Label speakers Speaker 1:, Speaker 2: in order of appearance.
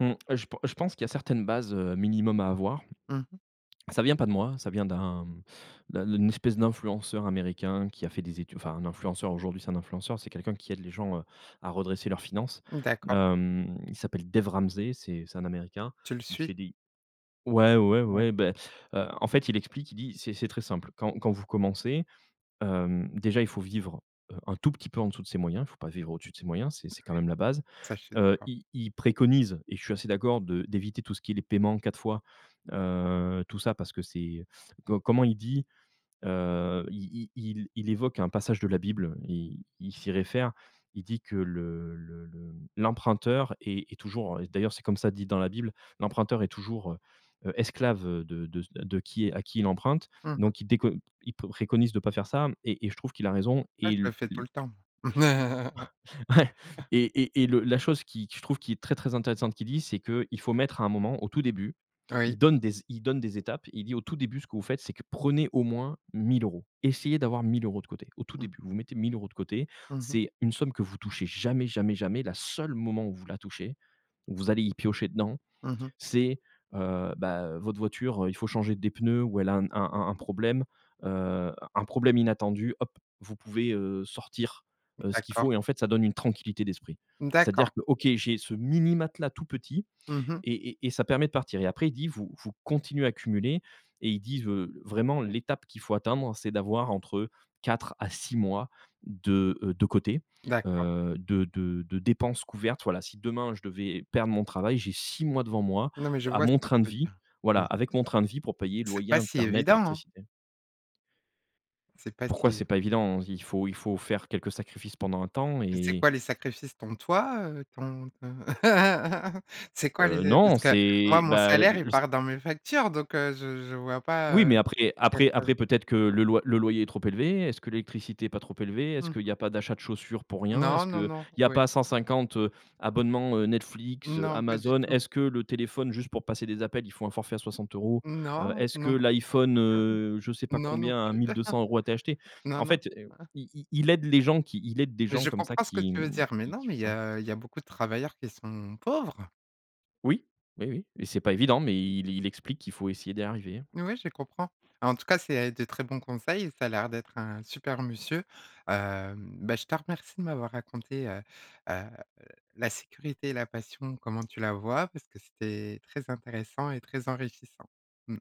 Speaker 1: Mmh, je pen je pense qu'il y a certaines bases, heu, minimum, à avoir.
Speaker 2: Mmh mh.
Speaker 1: Ça vient pas de moi, ça vient d'un, hem, d'un d'une espèce d'influenceur américain qui a fait des études enfin un influenceur aujourd'hui c'est un influenceur, c'est quelqu'un qui aide les gens, heu, à redresser leurs finances.
Speaker 2: D'accord.
Speaker 1: Hem, il s'appelle Dave Ramsey c'est c'est un Américain,
Speaker 2: Tu le
Speaker 1: il
Speaker 2: suis?
Speaker 1: fait des ouais ouais
Speaker 2: Ouais.
Speaker 1: ouais ouais, ben heu, en fait, il explique, il dit: "C'est c'est très simple. Quand quand vous commencez, heu, déjà il faut vivre, heu, un tout petit peu en dessous de ses moyens. Il faut pas vivre au-dessus de ses moyens. C'est
Speaker 2: Ouais,
Speaker 1: c'est quand même la base".
Speaker 2: ça, je suis
Speaker 1: Heu
Speaker 2: d'accord.
Speaker 1: il il préconise, et je suis assez d'accord, de d'éviter tout ce qui est les paiements en 4 fois heu, tout ça parce que c'est, co comment il dit? Heu, il il il il évoque un passage de la Bible. Il il s'y réfère, il dit que: "Le le le l'emprunteur est est toujours d'ailleurs, c'est comme ça dit dans la Bible: l'emprunteur est toujours, heu heu, esclave, heu, de de c de qui est à qui il emprunte".
Speaker 2: Mmh mh.
Speaker 1: Donc il déco il préconise de pas faire ça, et et je trouve qu'il a raison.
Speaker 2: Ah,
Speaker 1: Et
Speaker 2: je le fais tout
Speaker 1: Il
Speaker 2: le temps.
Speaker 1: Ouais, Et et et, le la chose qui je trouve qui est très très intéressante qu'il dit, c'est qu'il faut mettre à un moment au tout début, il
Speaker 2: Oui.
Speaker 1: donne des é il donne des étapes. Il dit: «Au tout début, ce que vous faites, c'est que prenez au moins 1 000€. Essayez d'avoir 1 000€ de côté. Au tout
Speaker 2: Mmh.
Speaker 1: début, vous mettez 1 000€ de côté.
Speaker 2: Mmh mh.
Speaker 1: C'est une somme que vous touchez jamais jamais jamais. Le seule moment où vous la touchez, vous allez y piocher dedans,
Speaker 2: Mmh mh.
Speaker 1: c'est, heu ben, heu, votre voiture, il faut changer des pneus ou elle a un un un problème, heu, un problème inattendu, hop vous pouvez, heu, sortir, heu, ce qu'il
Speaker 2: D'accord.
Speaker 1: faut». Et en fait, ça donne une tranquillité d'esprit. C'est-à-dire
Speaker 2: D'accord.
Speaker 1: que: «OK, j'ai ce mini matelas tout petit,
Speaker 2: Mmh mh.
Speaker 1: et et et ça permet de partir». Et après il dit: «Vous vous continuez à cumuler» et il dit: «Vraiment l'étape qu'il faut atteindre c'est d'avoir entre 4 à 6 mois de, heu, de côté,
Speaker 2: D'accord.
Speaker 1: heu, de de de dépenses couvertes». Voilà. Si demain je devais perdre mon travail, j'ai 6 mois devant moi,
Speaker 2: Non, mais je
Speaker 1: à
Speaker 2: vois ce
Speaker 1: mon
Speaker 2: que tu
Speaker 1: train de
Speaker 2: veux
Speaker 1: vie,
Speaker 2: dire,
Speaker 1: voilà,
Speaker 2: oui.
Speaker 1: avec mon train de vie pour payer
Speaker 2: C'est
Speaker 1: loyer,
Speaker 2: pas si
Speaker 1: internet,
Speaker 2: évident hein!
Speaker 1: électricité.
Speaker 2: C'est pas
Speaker 1: Pourquoi
Speaker 2: si
Speaker 1: c'est pas évident? Il faut il faut faire quelques sacrifices pendant un temps
Speaker 2: C'est
Speaker 1: et
Speaker 2: quoi, les sacrifices? Ton toi, heu, ton ton c'est quoi,
Speaker 1: Heu,
Speaker 2: les
Speaker 1: non
Speaker 2: parce que moi,
Speaker 1: c'est,
Speaker 2: mon
Speaker 1: bah
Speaker 2: salaire il part dans mes factures, donc heu, je je vois pas
Speaker 1: Oui,
Speaker 2: heu
Speaker 1: mais après
Speaker 2: quel
Speaker 1: après après peut-être que le loy le loyer est trop élevé? Est-ce que l'électricité est pas trop élevée? Est-ce
Speaker 2: Mmh
Speaker 1: qu'il
Speaker 2: mh.
Speaker 1: y pas d'achat de chaussures pour rien?
Speaker 2: Non
Speaker 1: Est-ce
Speaker 2: non
Speaker 1: qu'il
Speaker 2: non,
Speaker 1: y a
Speaker 2: oui.
Speaker 1: pas 150 abonnements, heu, Netflix,
Speaker 2: Non, pas du
Speaker 1: Amazon?
Speaker 2: tout.
Speaker 1: Est-ce que le téléphone juste pour passer des appels, il faut un forfait à 60€? Heu,
Speaker 2: Non,
Speaker 1: est-ce que
Speaker 2: non, plus
Speaker 1: l'iPhone, heu, je sais
Speaker 2: heu,
Speaker 1: pas
Speaker 2: non, non
Speaker 1: combien à
Speaker 2: ,plus
Speaker 1: 1 200€ a été acheté.
Speaker 2: non,
Speaker 1: En
Speaker 2: non.
Speaker 1: fait, il il aide les gens qui il aide des
Speaker 2: Mais
Speaker 1: gens
Speaker 2: je
Speaker 1: comme ça
Speaker 2: comprends ce que
Speaker 1: qui
Speaker 2: tu veux dire. Mais
Speaker 1: qui
Speaker 2: non,
Speaker 1: qui
Speaker 2: mais
Speaker 1: fait
Speaker 2: il y
Speaker 1: ça.
Speaker 2: a il y a beaucoup de travailleurs qui sont pauvres.
Speaker 1: Oui oui oui, mais c'est pas évident, mais il il explique qu'il faut essayer d'y arriver.
Speaker 2: Oui, je comprends, et en tout cas c'est de très bons conseils. Ça a l'air d'être un super monsieur, hem. Beh je te remercie de m'avoir raconté heu heu la sécurité et la passion. Comment tu la vois, parce que c'était très intéressant et très enrichissant. Mmh.